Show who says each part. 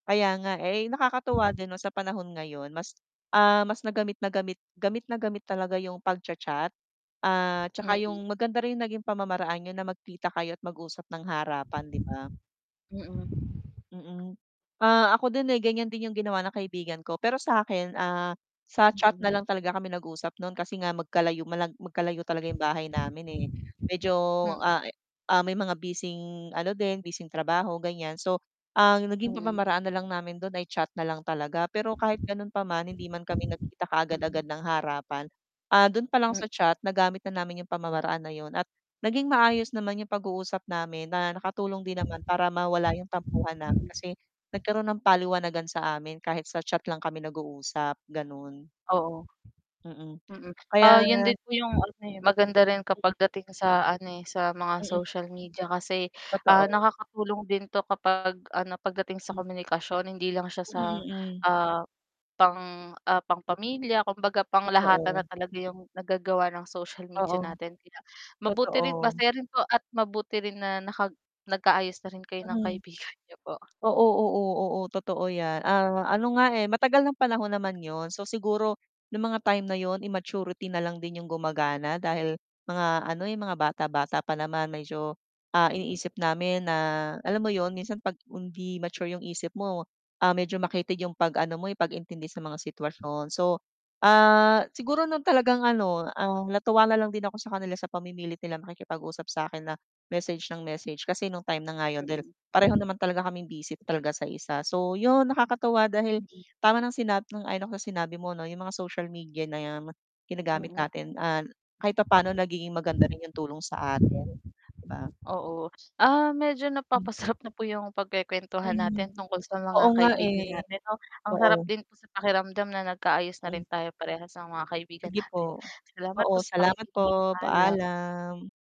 Speaker 1: Kaya nga eh, nakakatuwa din 'no sa panahon ngayon mas, ah, mas na gamit na gamit gamit na gamit talaga yung pagcha-chat, ah, 'tsaka yung
Speaker 2: Mm.
Speaker 1: maganda rin yung naging pamamaraan niyo na magkita kayo at mag-usap ng harapan, 'di ba?
Speaker 2: Mm.
Speaker 1: Mm. Ah, ako din eh, ganiyan din yung ginawa ng kaibigan ko, pero sa akin, ah, sa chat na
Speaker 2: Hmm.
Speaker 1: lang talaga kami nag-uusap no'n kasi nga magkalayo mala magkalayo talaga 'yong bahay namin eh, medyo
Speaker 2: Hmm.
Speaker 1: a e ah, may mga bising ano din, bising trabaho ganiyan, so, ang naging
Speaker 2: Mhm.
Speaker 1: pamamaraan na lang namin do'n ay chat na lang talaga, pero kahit ganun pa man hindi man kami nagkita
Speaker 2: Mm.
Speaker 1: kaagad-agad ng harapan, ah, dun pa lang
Speaker 2: Hmm
Speaker 1: sa chat nagamit na namin yung pamamaraan na yun at naging maayos naman yung pag-uusap namin na nakatulong din naman para mawala yung tampuhan namin
Speaker 2: Mm.
Speaker 1: kasi, nagkaroon ng paliwanagan sa amin kahit sa chat lang kami nag-uusap, ganun.
Speaker 2: Oo.
Speaker 1: Mm,
Speaker 2: Mm, ah, yun
Speaker 1: Kaya
Speaker 2: din po yung ano eh, maganda rin
Speaker 1: Hmm.
Speaker 2: kapag dating sa ano, eh, sa mga
Speaker 1: Mm.
Speaker 2: social media kasi, ah,
Speaker 1: Totoo.
Speaker 2: nakakatulong din 'to kapag ano 'pag dating sa
Speaker 1: Hmm.
Speaker 2: komunikasyon, hindi lang siya
Speaker 1: Mm,
Speaker 2: sa,
Speaker 1: mm.
Speaker 2: ah, pang ah, pangpamilya, kumbaga panglahatan
Speaker 1: Totoo.
Speaker 2: na talaga yung nagagawa ng social media
Speaker 1: Oo.
Speaker 2: natin, kaya mabuti rin
Speaker 1: Totoo.
Speaker 2: masaya rin po at mabuti rin na naka nag ka-ayos na rin kayo ng
Speaker 1: Mm.
Speaker 2: kaibigan niyo po.
Speaker 1: Oo oo oo totoo 'yan, ah, ano nga eh, matagal ng panahon naman 'yon, so siguro, yung mga time na yun immaturity na lang din 'yong gumagana dahil, mga ano, eh, mga bata-bata pa naman medyo, ah,
Speaker 2: Hmm.
Speaker 1: iniisip namin na alam mo yun? Minsan 'pag hindi mature 'yong isip mo, ah, medyo makitid yung pag-ano mo eh, pag-intindi sa mga sitwasyon so, ah, siguro 'no talagang ano, ah, natuwa na lang din ako sa kanila sa pamimilit nilang makikipag-usap sa akin na message nang message kasi nung time na nga 'yon dahil
Speaker 2: Mm.
Speaker 1: pareho naman talaga kaming busy talaga sa isa. So, 'yon, nakakatuwa dahil
Speaker 2: Mm.
Speaker 1: tama ng sinabi sang-ayon ako sa sinabi mo 'no, 'yong mga social media na ginagamit
Speaker 2: Mm.
Speaker 1: natin, ah, kahit papaano nagiging maganda rin yung tulong sa atin, 'di ba?
Speaker 2: Oo, ah, medyo
Speaker 1: Hmm.
Speaker 2: napapasarap na po yung pagkek'wentuhan
Speaker 1: Mhm.
Speaker 2: natin tungkol sa
Speaker 1: Oo
Speaker 2: mga
Speaker 1: nga
Speaker 2: kaibigan
Speaker 1: eh.
Speaker 2: natin 'no? Ang
Speaker 1: Oo.
Speaker 2: sarap din sa pakiramdam na nag kaayos na
Speaker 1: Ay.
Speaker 2: rin tayo parehas sa mga kaibigan
Speaker 1: Sige po.
Speaker 2: natin. Salamat
Speaker 1: Oo
Speaker 2: po sa
Speaker 1: salamat
Speaker 2: pakikinig.
Speaker 1: po,
Speaker 2: Paalam.
Speaker 1: paalam.